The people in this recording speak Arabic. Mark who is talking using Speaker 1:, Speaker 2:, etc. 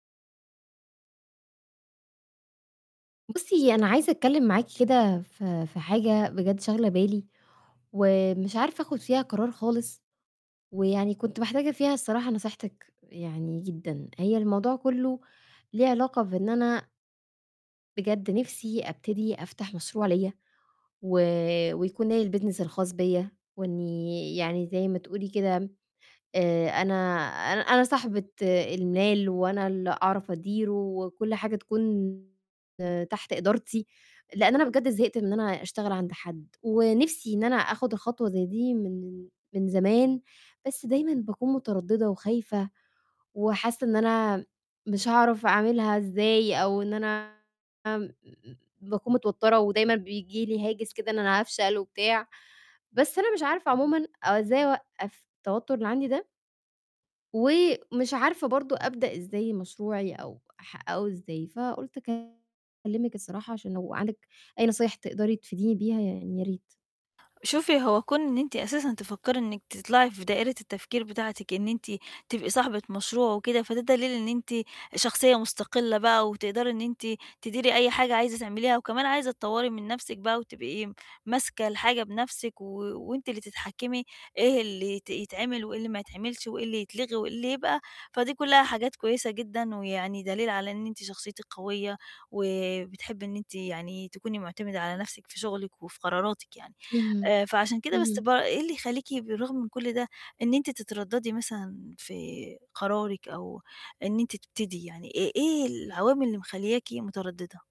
Speaker 1: بُصّي، أنا عايزة أتكلِّم معاكِ كده في في حاجة بجد شاغلة بالي ومش عارفة آخُد فيها قرار خالص، ويعني كنت محتاجة فيها الصراحة نصيحتِك يعني جدًا. هي الموضوع كُلّه ليه علاقة بإن أنا بجد نِفسي أبتدي أفتح مشروع ليّا و ويكون ليّا الbusiness الخاص بيّا، وإنّي يعني زَي ما تقولي كده، آآ أنا أن أنا صاحبة المال، وأنا اللي أعرف أديره وكلّ حاجة تكون تحت إدارتي، لإن أنا بجد زهقت إن أنا أشتغل عند حد، ونِفسي إن أنا آخُد خطوة زَي دي من من زمان، بس دايمًا باكون متردّدة وخايفة، وحاسّة إن أنا مش هاعرف أعملها إزاي، أو إن أنا م باكون متوتّرة، ودايمًا بييجي لي هاجِس كده، إن أنا هافشل وبتاع، بس أنا مش عارفة عمومًا أو إزاي أوقّف التوتُّر اللي عندي ده. ومش عارفة برضه أبدأ إزاي مشروعي، أو ح أو إزاي، فقُلت أكلِّمِك الصراحة، عشان لو عندِك أي نصايح تقدري تفيديني بيها، يعني يا ريت.
Speaker 2: شوفي، هو كُون إن أنتِ أساسًا تفكّري إنِّك تطلّعي في دائرة التفكير بتاعتِك، إن أنتِ تبقي صاحبة مشروع وكده، فده دليل إن أنتِ شخصية مُستقلّة بقى، وتقدري إن أنتِ تديري أي حاجة عايزة تعمليها، وكمان عايزة تطوّري من نَفسِك بقى وتبقي ماسكة الحاجة بنَفسِك و وأنتِ اللي تتحكّمي إيه اللي يت يتعمل وإيه اللي ما يتعملش وإيه اللي يتلغي وإيه اللي يبقى، فدي كُلّها حاجات كويسة جدًا، ويعني دليل على إن أنتِ شخصيتِك قوية وبتحبي إن أنتِ يعني تكوني مُعتمِدة على نَفسِك في شُغلِك وفي قراراتِك يعني.
Speaker 1: اهم،
Speaker 2: آآ فعشان كده بس
Speaker 1: اهم.
Speaker 2: ب إيه اللي يخلّيكِ بالرغم من كلّ ده، إن أنتِ تتردّدي مثلًا في قرارِك، أو إن أنتِ تبتدي، يعني إيه إيه العوامل اللي مخلّياكِ متردّدة؟